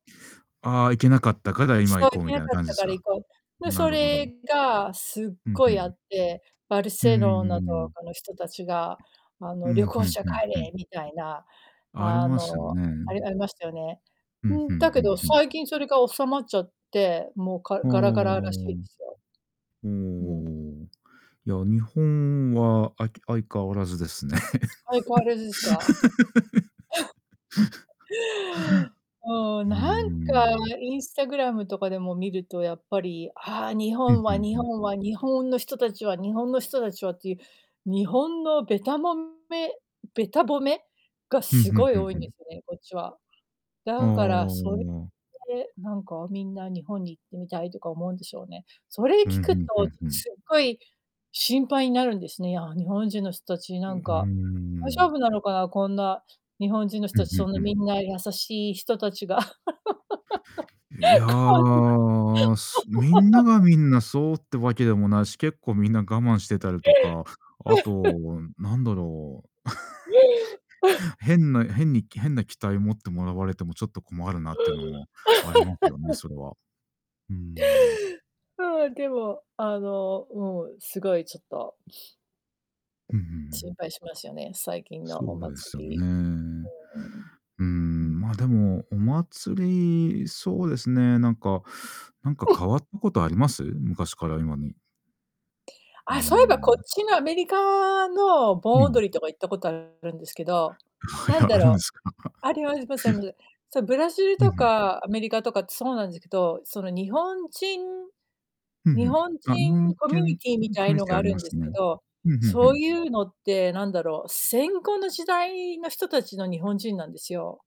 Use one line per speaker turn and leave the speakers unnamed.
あ、行けなかったから、今
そう、
行
行
こう
け
みた
な
いな
かっ
感じ
た
す
から行
か。
こう、で、
な
そ
るほど。
れがすっ
ふん
ご
ふ
いあ
ん。
って、バル
うー
セロナと
ん。
かの人たちがあ
う
の、「旅
ん、ふ
行
ん
者
ふん
帰
ふん。
れ」みたいな、
あり
あ
ますよ
の、
ね。
あれありましたよね。
ふ
う
んふ
ん、
ん
だけ
ふん
ど
ふん。
最近それが収まっちゃって、もうか
ほお。お
ガラガ
お
ラらし
おお
いですよ。うん。
お。いや、日本はあき相変わらずですね。
相変わらずですか。うーん、
ふん、う
なんか
ーん。
Instagram とかでも見るとやっぱり、あ、日
うん、
本
ふ
は
ん
日
ふん。
本は、日本の人たちは日本の人たちはっていう、日本のべたもめべた褒めが
ふん
す
ふん
ごい
ふん
多い
ふ
んで
ん。
すよね、こっちは。
お
だからそれ
お。
でなんかみんな日本に行ってみたいとか思うんでしょうね、それ聞
うん、ふ
くと
んふんふん。
すっごい心配になるんですね、いや、日本人の人たち、
う
な
うー
んか大丈
ん。
夫なのかな、こんな日本人の
う
人た
ん
ち
う
そ
ん
んな
うん。
みんな優しい人たちが、
え、いや、
こんなに
すみんなが みんなそうってわけでもないし、結構みんな我慢してたりとか、あと なんだろう。変な変にき変な期待を持ってもらわれてもちょっと困るなってのもありますよね、それは。うーん。
はあ、でも、あの、うん、すごいちょっと
ふんふんふん。
心配しますよね、最近の
そ
お
うで
祭
すよ
り。
ね。
うーん。
うー
うん。
ん、まあでも、お祭り、そうですね、なんかなんか変 わったことあります？昔から今に。うー
あ、そういえばこ
ん。
っちのアメリカの盆
うん。
踊りとか行ったことあるんですけど、
あ、い
なん
や、
だ
あるんで
ろう
すか。
ありま す、ま、せんぶ。そ、ブラジル
うん、
と
ふん。
かアメリカとかってそうなんずけと、その日本人
ふんふ
日
ん。
本
あ、日
人
本
コ
け
ミュニ
ん
ティーみ
[unintelligible]
たいのが
あ
あ
り
る
ま
んで
す
すけ
ね。
ど、
ふんふんふ
そう
ん。
いうのってなんだろう、戦後の時代の人たちの日本人なんですよ。